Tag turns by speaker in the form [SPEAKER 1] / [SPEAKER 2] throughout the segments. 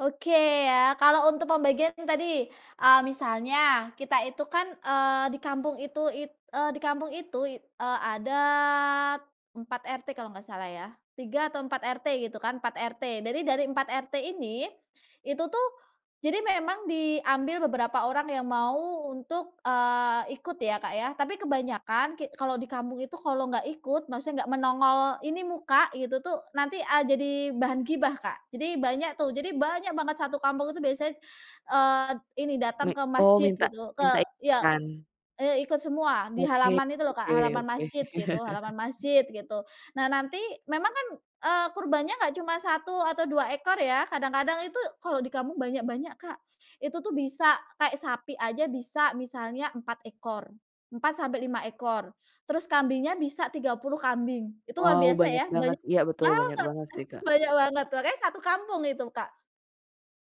[SPEAKER 1] Oke, ya. Kalau untuk pembagian tadi, eee, misalnya kita itu kan, eee, di kampung itu it eee, di kampung itu i eee, adat 4 RT kalau nggak salah ya. 3 atau 4 RT gitu kan, 4 RT. Dari dari 4 RT ini, itu tuh, jadi memang diambil beberapa orang yang mau untuk, eee, ikut ya Kak ya, tapi kebanyakan ki kalau di kampung itu kalau nggak ikut, maksudnya nggak menongol ini muka gitu tuh, nanti, eee, jadi bahan gibah, Kak. Jadi banyak tuh jadi banyak banget satu kampung itu biasanya, eee, ini
[SPEAKER 2] Mi
[SPEAKER 1] datang ke
[SPEAKER 2] oh
[SPEAKER 1] masjid
[SPEAKER 2] minta
[SPEAKER 1] gitu, ke
[SPEAKER 2] minta
[SPEAKER 1] ya,
[SPEAKER 2] ikutan
[SPEAKER 1] eee, ikut semua di
[SPEAKER 2] Oke
[SPEAKER 1] halaman itu loh Kak,
[SPEAKER 2] oke
[SPEAKER 1] halaman
[SPEAKER 2] oke.
[SPEAKER 1] masjid gitu halaman masjid gitu. Nah nanti memang kan, eee, kurbannya nggak cuma 1 atau 2 ekor ya, kadang-kadang itu kalau di kampung banyak-banyak, Kak. Itu tuh bisa kayak sapi aja bisa misalnya 4 ekor, 4-5 ekor. Terus kambingnya bisa 30 kambing, itu luar
[SPEAKER 2] Wow
[SPEAKER 1] biasa
[SPEAKER 2] banyak
[SPEAKER 1] ya?
[SPEAKER 2] banget
[SPEAKER 1] Banyak
[SPEAKER 2] s iya betul banyak
[SPEAKER 1] banget!
[SPEAKER 2] banget sih, Kak.
[SPEAKER 1] Banyak banget makanya 1 kampung itu Kak.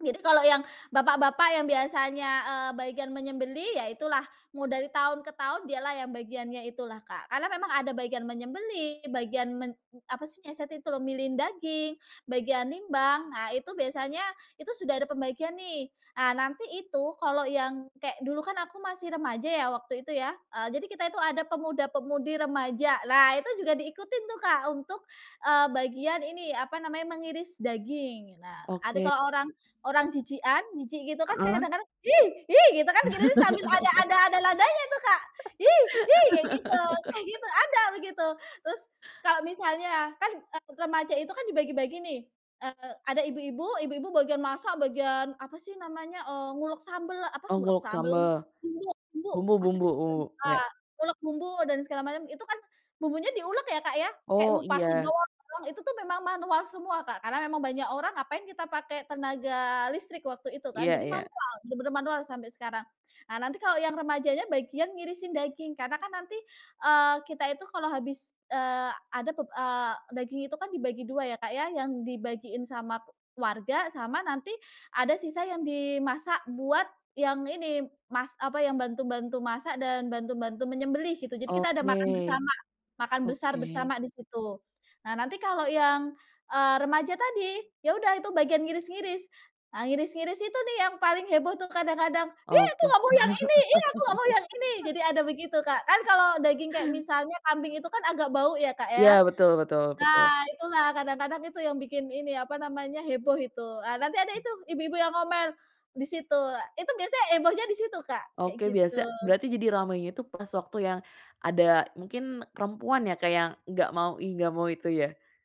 [SPEAKER 1] Jadi kalau yang bapak-bapak yang biasanya, eee, bagian menyembelih ya itulah, mau dari tahun ke tahun dialah yang bagiannya itulah Kak. Karena memang ada bagian menyembelih, bagian men apa sih yang satu itu loh? Milihin daging, bagian nimbang. Nah itu biasanya itu sudah ada pembagian nih. Ah nanti itu, kalau yang kayak dulu kan aku masih remaja ya waktu itu ya, eee, jadi kita itu ada pemuda-pemudi remaja. Nah itu juga diikutin tuh Kak, untuk, eee, bagian ini, apa namanya, mengiris daging, nah. Ada
[SPEAKER 2] Oke.
[SPEAKER 1] kalau orang orang jijikan, jijik gitu kan
[SPEAKER 2] Heeh.
[SPEAKER 1] kadang-kadang, "Ih! Ih!" gitu kan, gitu tuh sambil ada ada ada nadanya tuh Kak. "Hi! Hi!" kayak gitu kayak gitu, ada begitu! Terus kalau misalnya, kan, eee, remaja itu kan dibagi-bagi nih, eee, ada ibu-ibu ibu-ibu bagian masak, bagian apa sih namanya, eee, ngulek sambel, apa
[SPEAKER 2] Oh
[SPEAKER 1] ngulek
[SPEAKER 2] ngulek
[SPEAKER 1] sambel,
[SPEAKER 2] sambal.
[SPEAKER 1] bumbu bumbu, apa
[SPEAKER 2] Bumbu-bumbu
[SPEAKER 1] sih
[SPEAKER 2] u
[SPEAKER 1] [unintelligible]
[SPEAKER 2] ya.
[SPEAKER 1] ngulek bumbu dan segala macam, itu kan bumbunya diulek ya Kak ya, kayak
[SPEAKER 2] Oh,
[SPEAKER 1] ngupasin
[SPEAKER 2] iya.
[SPEAKER 1] doang, itu tuh memang manual semua Kak. Karena memang banyak orang ngapain kita pakai tenaga listrik, waktu itu kan.
[SPEAKER 2] Iya
[SPEAKER 1] Jadi
[SPEAKER 2] iya.
[SPEAKER 1] manual, bener-bener manual sampai sekarang. Ah nanti kalau yang remajanya bagian ngirisin daging, karena kan nanti, eee, kita itu kalau habis, eee, ada pep eee, daging itu kan dibagi 2 ya Kak ya, yang dibagiin sama warga, sama nanti ada sisa yang dimasak buat yang ini, mas apa yang bantu-bantu masak dan bantu-bantu menyembelih, gitu. Jadi kita ada makan
[SPEAKER 2] Oke.
[SPEAKER 1] bersama. Makan besar
[SPEAKER 2] Oke.
[SPEAKER 1] bersama di situ. Nah nanti kalau yang, eee, remaja tadi, ya udah itu bagian ngiris-ngiris. Eee, ngiris-ngiris itu nih yang paling heboh tuh kadang-kadang. "Ih aku
[SPEAKER 2] Oke.
[SPEAKER 1] nggak mau yang ini ih aku nggak mau yang ini!" jadi ada begitu Kak. Kan kalau daging kayak misalnya kambing itu kan agak bau ya Kak, ya.
[SPEAKER 2] Ya, betul betul betul.
[SPEAKER 1] Nah, itulah kadang-kadang itu yang bikin ini, apa namanya, heboh itu. Eee, nanti ada itu ibu-ibu yang ngomel, di situ. Itu biasanya hebohnya di situ Kak, kayak
[SPEAKER 2] Oke biasa
[SPEAKER 1] gitu.
[SPEAKER 2] berarti jadi ramainya itu pas waktu yang ada mungkin perempuan ya Kak yang enggak mau ih enggak mau itu ya?